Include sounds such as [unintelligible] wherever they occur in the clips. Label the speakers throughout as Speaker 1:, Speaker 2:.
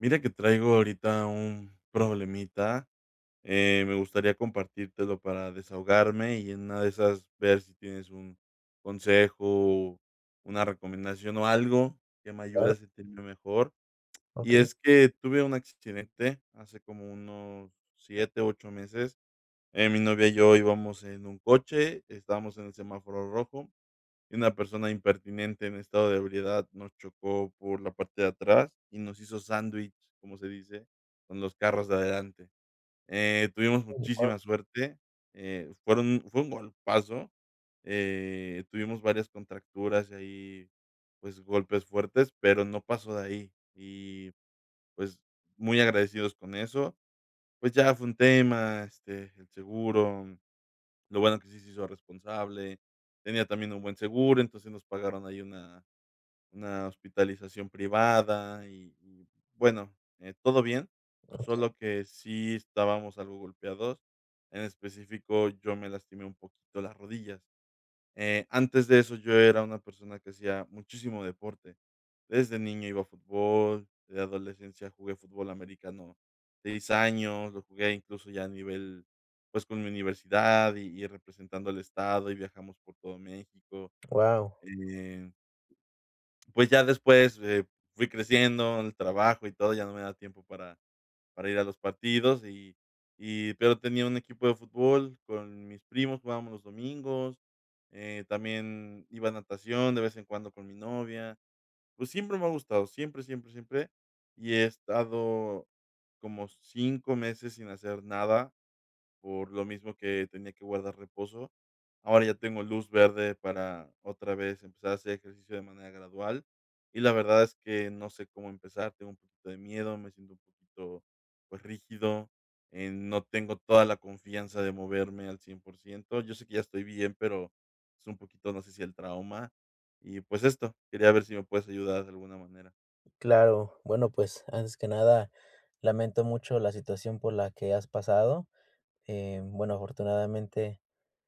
Speaker 1: Mira que traigo ahorita un problemita, eh, me gustaría compartírtelo para desahogarme y en una de esas ver si tienes un consejo o una recomendación o algo que me ayude
Speaker 2: Claro.
Speaker 1: a sentirme mejor. Y
Speaker 2: Okey.
Speaker 1: es que tuve un accidente, hace como unos 7, 8 meses. Eh, mi novia y yo íbamos en un coche, estábamos en el semáforo rojo, y una persona impertinente en estado de ebriedad nos chocó por la parte de atrás y nos hizo sándwich, como se dice, con los carros de adelante. Eh, tuvimos
Speaker 2: [unintelligible]
Speaker 1: muchísima suerte, eh, fueron fue un golpazo, eh, tuvimos varias contracturas y ahí, pues, golpes fuertes, pero no pasó de ahí, y, pues, muy agradecidos con eso. Pues, ya fue un tema, este, el seguro, lo bueno que sí se hizo responsable, tenía también un buen seguro, entonces, nos pagaron ahí una una hospitalización privada y y, bueno, eh, todo bien,
Speaker 2: [unintelligible]
Speaker 1: solo que sí estábamos algo golpeados, en específico, yo me lastimé un poquito las rodillas. Eh, antes de eso, yo era una persona que hacía muchísimo deporte. Desde niño iba a fútbol, de adolescencia jugué fútbol americano, 6 años, lo jugué incluso ya a nivel, pues, con mi universidad y y representando al estado, y viajamos por todo México.
Speaker 2: Wao.
Speaker 1: Eh Pues, ya después, eh, fui creciendo en el trabajo y todo, ya no me da tiempo para para ir a los partidos. Y y pero, tenía un equipo de fútbol con mis primos, jugábamos los domingos, eh, también iba a natación de vez en cuando con mi novia. Pues, siempre me ha gustado, siempre, siempre, siempre, y he estado como 5 meses sin hacer nada por lo mismo, que tenía que guardar reposo. Ahora ya tengo luz verde para otra vez empezar a hacer ejercicio de manera gradual, y la verdad es que no sé cómo empezar, tengo un poquito de miedo, me siento un poquito, pues, rígido, em, no tengo toda la confianza de moverme al 100%. Yo sé que ya estoy bien, pero es un poquito, no sé, si el trauma, y pues, esto, quería ver si me puedes ayudar de alguna manera.
Speaker 2: Claro, bueno, pues, antes que nada, lamento mucho la situación por la que has pasado. Eh, bueno, afortunadamente,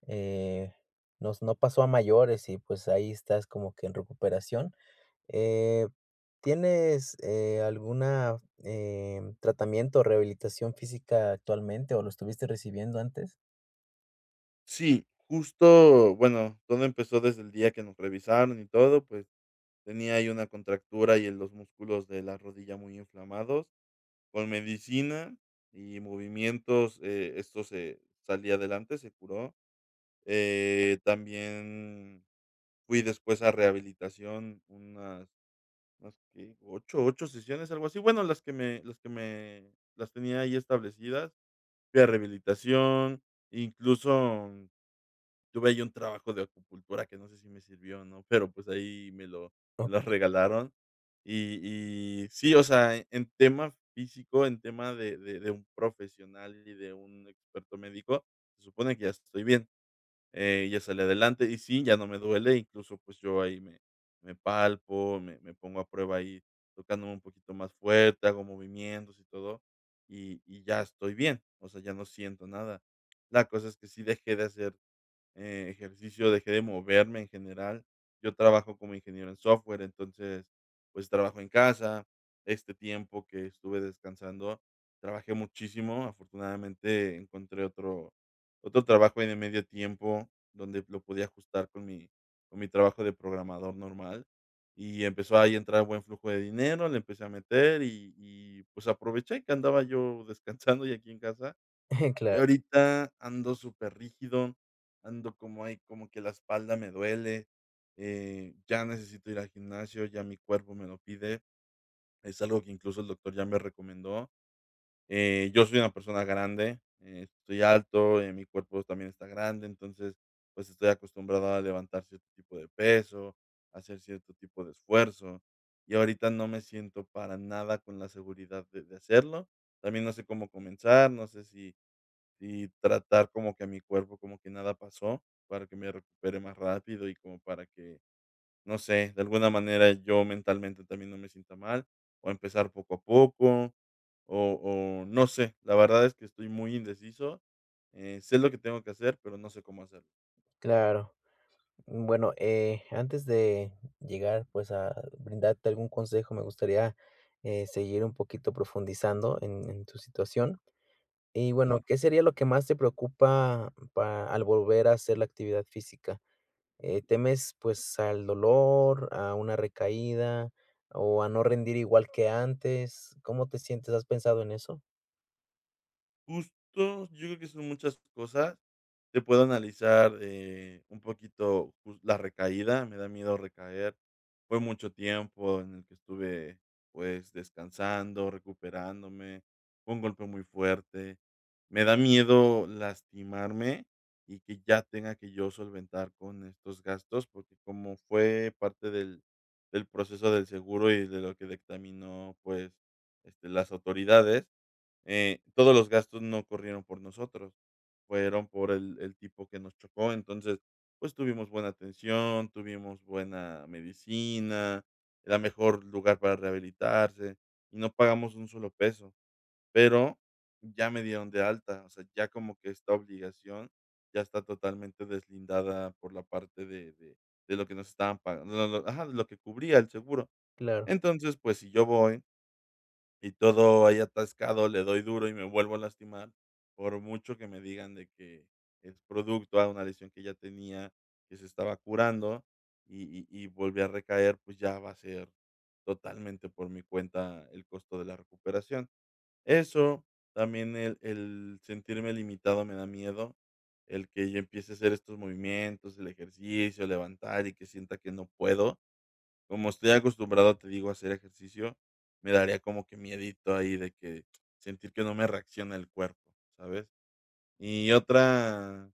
Speaker 2: eh, nos no pasó a mayores y, pues, ahí estás como que en recuperación. Eh, ¿tienes, eh, alguna, em, tratamiento, o, rehabilitación física actualmente, o, lo estuviste recibiendo antes?
Speaker 1: Sí, justo, bueno, todo empezó desde el día que nos revisaron y todo. Pues, tenía ahí una contractura y en los músculos de la rodilla muy inflamados. Con medicina y movimientos, eh, esto se salí adelante, se curó. Eh, también fui después a rehabilitación unas más que 8- 8 sesiones, algo así. Bueno, las que me las que me las tenía ahí establecidas, fui a rehabilitación. Incluso tuve ahí un trabajo de acupuntura que no sé si me sirvió, o no, pero, pues, ahí me lo
Speaker 2: No.
Speaker 1: me las regalaron. Y y sí, o sea, en tema físico, en tema de de de un profesional y de un experto médico, se supone que ya estoy bien. Eh, ya salí adelante, y sí, ya no me duele, incluso, pues, yo ahí me me palpo, me me pongo a prueba ahí, tocándome un poquito más fuerte, hago movimientos y todo, y y ya estoy bien. O sea, ya no siento nada. La cosa es que sí dejé de hacer, eh, ejercicio, dejé de moverme en general. Yo trabajo como ingeniero en software, entonces, pues, trabajo en casa. Este tiempo que estuve descansando trabajé muchísimo. Afortunadamente encontré otro otro trabajo ahí de medio tiempo, donde lo podía ajustar con mi con mi trabajo de programador normal, y empezó ahí a entrar buen flujo de dinero, le empecé a meter, y y, pues, aproveché que andaba yo descansando y aquí en casa.
Speaker 2: [giggles]
Speaker 1: Y
Speaker 2: Claro.
Speaker 1: ahorita ando súper rígido, ando como ahí como que la espalda me duele, eh, ya necesito ir al gimnasio, ya mi cuerpo me lo pide. Es algo que incluso el doctor ya me recomendó. Eh, yo soy una persona grande, eh, estoy alto, eh, mi cuerpo también está grande, entonces, pues, estoy acostumbrado a levantar cierto tipo de peso, a hacer cierto tipo de esfuerzo, y ahorita no me siento para nada con la seguridad de de hacerlo. También no sé cómo comenzar, no sé si si tratar como que mi cuerpo como que nada pasó, para que me recupere más rápido, y como para que, no sé, de alguna manera yo mentalmente también no me sienta mal, o, empezar poco a poco, o o, no sé, la verdad es que estoy muy indeciso. Eh, sé lo que tengo que hacer, pero no sé cómo hacerlo.
Speaker 2: Claro. Bueno, eh, antes de llegar, pues, a brindarte algún consejo, me gustaría, eh, seguir un poquito profundizando en en tu situación. Y bueno,
Speaker 1: Claro.
Speaker 2: ¿qué sería lo que más te preocupa pa al volver a hacer la actividad física? ¿Eh, temes, pues, al dolor, a una recaída, o, a no rendir igual que antes? ¿Cómo te sientes? ¿Has pensado en eso?
Speaker 1: Justo, yo creo que son muchas cosas, te puedo analizar, eh, un poquito, pues, la recaída, me da miedo recaer. Fue mucho tiempo en el que estuve, pues, descansando, recuperándome, fue un golpe muy fuerte. Me da miedo lastimarme, y que ya tenga que yo solventar con estos gastos, porque como fue parte del del proceso del seguro y de lo que dictaminó, pues, este, las autoridades, eh, todos los gastos no corrieron por nosotros, fueron por el el tipo que nos chocó. Entonces, pues, tuvimos buena atención, tuvimos buena medicina, era mejor lugar para rehabilitarse, y no pagamos $1 solo peso, pero ya me dieron de alta, o sea, ya como que esta obligación ya está totalmente deslindada por la parte de de de lo que nos estaban pagan lo lo ajá, de lo que cubría el seguro.
Speaker 2: Claro.
Speaker 1: Entonces, pues, si yo voy y todo ahí atascado, le doy duro, y me vuelvo a lastimar, por mucho que me digan de que es producto a una lesión que ya tenía, que se estaba curando, y y y volví a recaer, pues, ya va a ser totalmente por mi cuenta el costo de la recuperación. Eso, también, el el sentirme limitado me da miedo, el que yo empiece a hacer estos movimientos, el ejercicio, levantar, y que sienta que no puedo. Como estoy acostumbrado, te digo, a hacer ejercicio, me daría como que miedito ahí de que sentir que no me reacciona el cuerpo, ¿sabes? Y otra,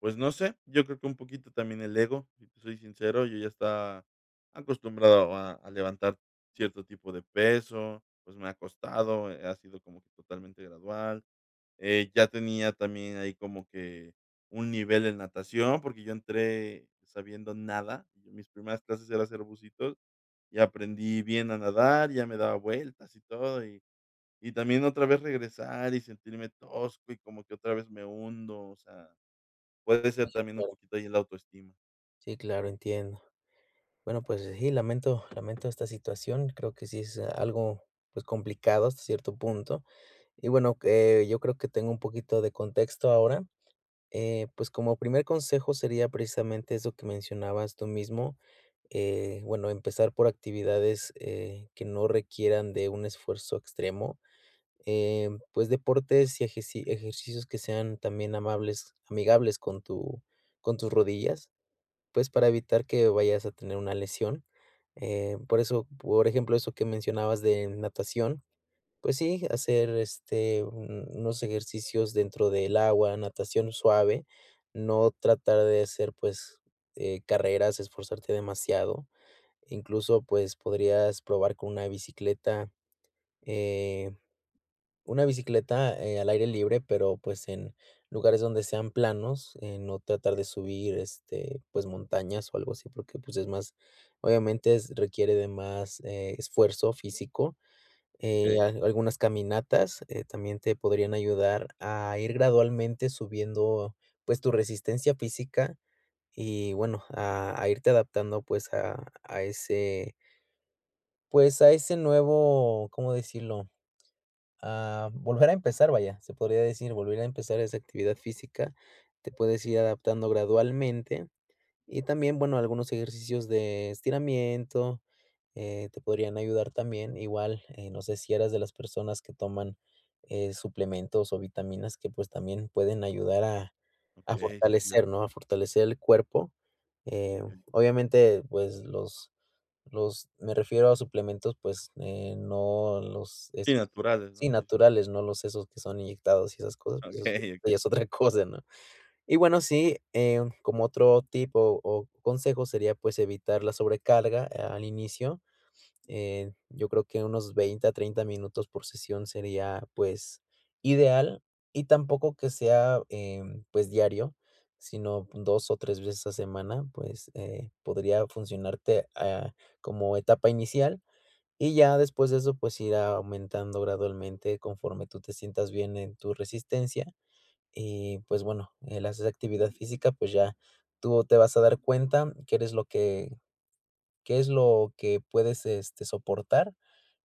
Speaker 1: pues, no sé, yo creo que un poquito también el ego, si te soy sincero, yo ya estaba acostumbrado a a levantar cierto tipo de peso, pues, me ha costado, eh, ha sido como que totalmente gradual. Eh, ya tenía también ahí como que un nivel en natación, porque yo entré sabiendo nada, y mis primeras clases era hacer bucitos, y aprendí bien a nadar, ya me daba vueltas y todo, y y también otra vez regresar, y sentirme tosco, y como que otra vez me hundo, o sea, puede ser también un
Speaker 2: claro.
Speaker 1: poquito ahí en la autoestima.
Speaker 2: Sí, claro, entiendo. Bueno, pues, sí, lamento lamento esta situación. Creo que sí es algo, pues, complicado hasta cierto punto. Y, bueno, eh, yo creo que tengo un poquito de contexto ahora. Eh, pues, como primer consejo sería precisamente eso que mencionabas tú mismo, eh, bueno, empezar por actividades, eh, que no requieran de un esfuerzo extremo. Em, pues, deportes, y ejeci ejercicios que sean también amables, amigables con tu con tus rodillas, pues, para evitar que vayas a tener una lesión. Em, por eso, por ejemplo, eso que mencionabas de natación, pues sí, hacer, este, un unos ejercicios dentro del agua, natación suave, no tratar de hacer, pues, eh, carreras, esforzarte demasiado. Incluso, pues, podrías probar con una bicicleta, eh, una bicicleta, eh, al aire libre, pero, pues, en lugares donde sean planos, eh, no tratar de subir, este, pues, montañas, o, algo así, porque, pues, es más, obviamente s requiere de más, eh, esfuerzo físico. Eh,
Speaker 1: Okey.
Speaker 2: al algunas caminatas, eh, también te podrían ayudar a ir gradualmente subiendo, pues, tu resistencia física, y bueno, a a irte adaptando, pues, a a ese pues, a ese nuevo, ¿cómo decirlo? Ah, volver a empezar, vaya, se podría decir, volver a empezar esa actividad física, te puedes ir adaptando gradualmente. Y también, bueno, algunos ejercicios de estiramiento, eh, te podrían ayudar también. Igual, eh, no sé si eras de las personas que toman, eh, suplementos, o, vitaminas que, pues, también pueden ayudar a a
Speaker 1: Okey. Sí, fíja
Speaker 2: fortalecer, ¿no? A fortalecer el cuerpo. Eh,
Speaker 1: Okey.
Speaker 2: obviamente, pues, los los me refiero a suplementos, pues, eh, no los
Speaker 1: Sí,
Speaker 2: es
Speaker 1: naturales,
Speaker 2: sí,
Speaker 1: ¿no?, sí, sí, sí.
Speaker 2: naturales, no los esos que son inyectados y esas cosas, pues,
Speaker 1: Okey,
Speaker 2: ya
Speaker 1: okey.
Speaker 2: es otra cosa, ¿no? Y bueno, sí, em, como otro tipo, o, consejo sería, pues, evitar la sobrecarga, eh, al inicio. Eh, yo creo que unos 20, a, 30 minutos por sesión sería, pues, ideal. Y tampoco que sea, em, pues, diario, sino pon 2, o, 3 veces a semana, pues, eh, podría funcionarte, ah, como etapa inicial. Y ya después de eso, pues, irá aumentando gradualmente conforme tú te sientas bien en tu resistencia. Y, pues, bueno, el hacer esa actividad física, pues, ya tú te vas a dar cuenta que eres lo que qué es lo que puedes, este, soportar.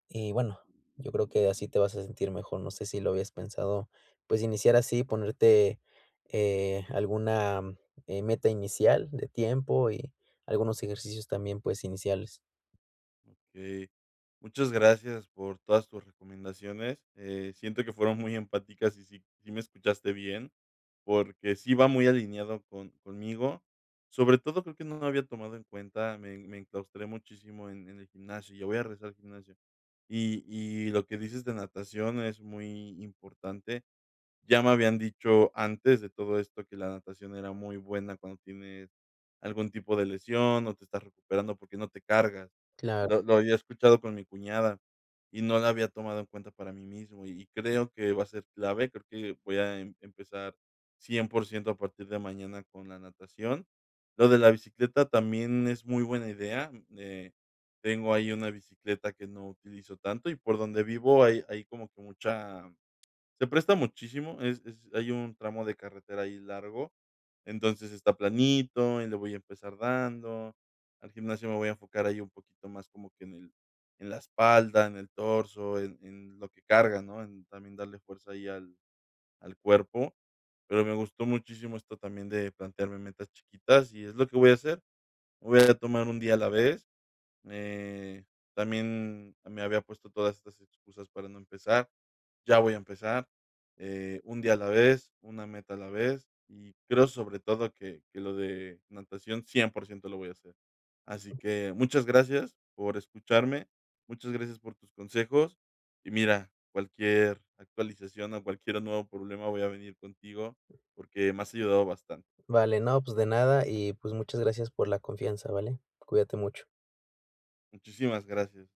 Speaker 2: Y bueno, yo creo que así te vas a sentir mejor, no sé si lo habías pensado, pues, iniciar así, ponerte, eh, alguna, eh, meta inicial de tiempo y algunos ejercicios también, pues, iniciales.
Speaker 1: Okey, muchas gracias por todas tus recomendaciones. Eh, siento que fueron muy empáticas, y sí sí me escuchaste bien porque sí va muy alineado con conmigo, sobre todo creo que no lo había tomado en cuenta, me me enclaustré muchísimo en en el gimnasio ya voy a regresar al gimnasio. Y y lo que dices de natación es muy importante, ya me habían dicho antes de todo esto que la natación era muy buena cuando tienes algún tipo de lesión, o te estás recuperando, porque no te cargas.
Speaker 2: Claro.
Speaker 1: Lo lo había escuchado con mi cuñada, y no la había tomado en cuenta para mí mismo, y creo que va a ser clave, creo que voy a empezar 100% a partir de mañana con la natación. Lo de la bicicleta también es muy buena idea. Eh, tengo ahí una bicicleta que no utilizo tanto, y por donde vivo hay hay como que mucha se presta muchísimo, es es hay un tramo de carretera ahí largo. Entonces, está planito y le voy a empezar dando. Al gimnasio me voy a enfocar ahí un poquito más como que en el en la espalda, en el torso, en en lo que cargas, ¿no? En también darle fuerza ahí al al cuerpo. Pero me gustó muchísimo esto también de plantearme metas chiquitas y es lo que voy a hacer. Voy a tomar 1 día a la vez, eh, también me había puesto todas estas excusas para no empezar, ya voy a empezar, eh, 1 día a la vez, 1 meta a la vez, y creo sobre todo que que lo de natación 100% lo voy a hacer. Así que muchas gracias por escucharme, muchas gracias por tus consejos, y mira, cualquier actualización o cualquiera nuevo problema voy a venir contigo porque me has ayudado bastante.
Speaker 2: Vale, no, pues de nada y, pues, muchas gracias por la confianza, ¿vale? Cuídate mucho.
Speaker 1: Muchísimas gracias.